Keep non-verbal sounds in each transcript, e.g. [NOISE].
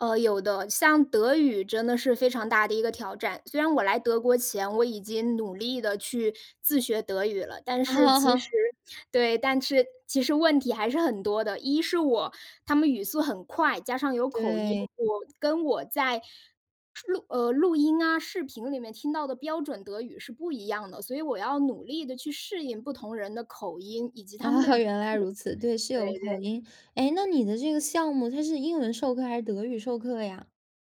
呃，有的，像德语真的是非常大的一个挑战。虽然我来德国前，我已经努力地去自学德语了，但是其 [LAUGHS] 实对，但是其实问题还是很多的，一是我他们语速很快，加上有口音，对。我跟我在是呃，录音啊，视频里面听到的标准德语是不一样的，所以我要努力地去适应不同人的口音，以及他们的 [LAUGHS] 语原来速。如此，对，是对有口对。音，哎，那你的这个项目，它是英文授课还是德语授课呀？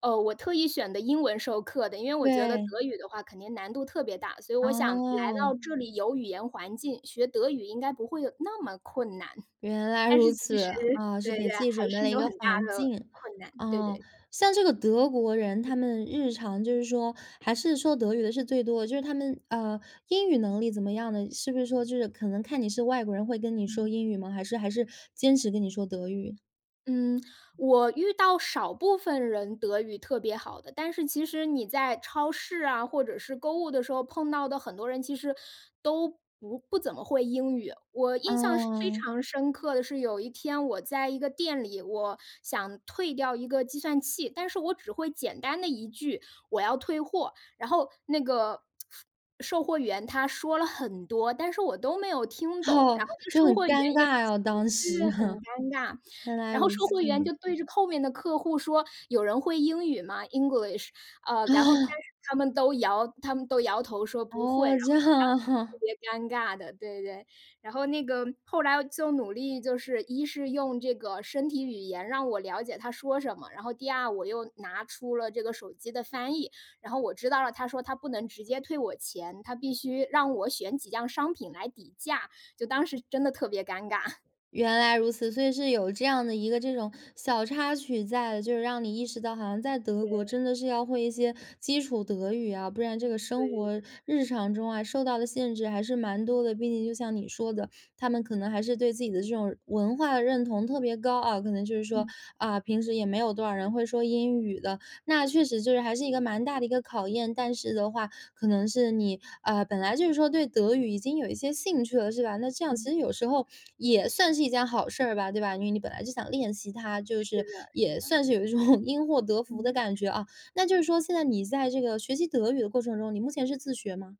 哦，我特意选的英文授课的，因为我觉得德对。语的话肯定难度特别大，所以我想来到哦。这里有语言环境，学德语应该不会有那么困难。原来但如是其此，实啊，是对对，给自己还准备是了一有个很大环的境。困难，对啊，对。像这个德国人他们日常就是说还是说德语的是最多的就是他们，啊，英语能力怎么样的，是不是说就是可能看你是外国人会跟你嗯。说英语吗？还是还是坚持跟你说德语？嗯，我遇到少部分人德语特别好的，但是其实你在超市啊，或者是购物的时候，碰到的很多人其实都不不怎么会英语，我啊。印象是非常深刻的是，有一天我在一个店里，我想退掉一个计算器，但是我只会简单的一句，“我要退货”，然后那个 [SMACKS LIPS] 售货员他说了很多，但是我都没有听懂，哦，然后那个就很售货员尴也尬啊 [UNINTELLIGIBLE] 当对时，对，很尴尬。[LAUGHS] 原来然后如售此。货员就对着后面的客户说，有人会英语吗，English，呃，然后但是 [LAUGHS] 他们都摇他们都摇头说不会，然哦，这后当样时特啊。别尴尬的。对对对。然后那个，后来就努力就是一是用这个身体语言让我了解他说什么，然后第二，我又拿出了这个手机的翻译，然后我知道了，他说他不能直接退我钱，他必须让我选几样商品来抵价，就当时真的特别尴尬。原来如此，所以是有这样的一个这种小插曲在，就是让你意识到，好像在德国对。真的是要会一些基础德语啊，不然这个所生以活日常中啊，受到的限制还是蛮多的，毕竟就像你说的，他们可能还是对自己的这种文化认同特别高啊，可能就是说，嗯。啊，平时也没有多少人会说英语的。那确实就是还是一个蛮大的一个考验。但是的话可能是你，呃，本来就是说对德语已经有一些兴趣了，是吧？那这样其实嗯。有时候也算是一件好事儿吧，对吧？因为你本来就想练习它，就是的是是也的。算是有一种因祸得福的嗯。感觉啊。那就是说现在你在这个学习德语的过程中，你目前是自学吗？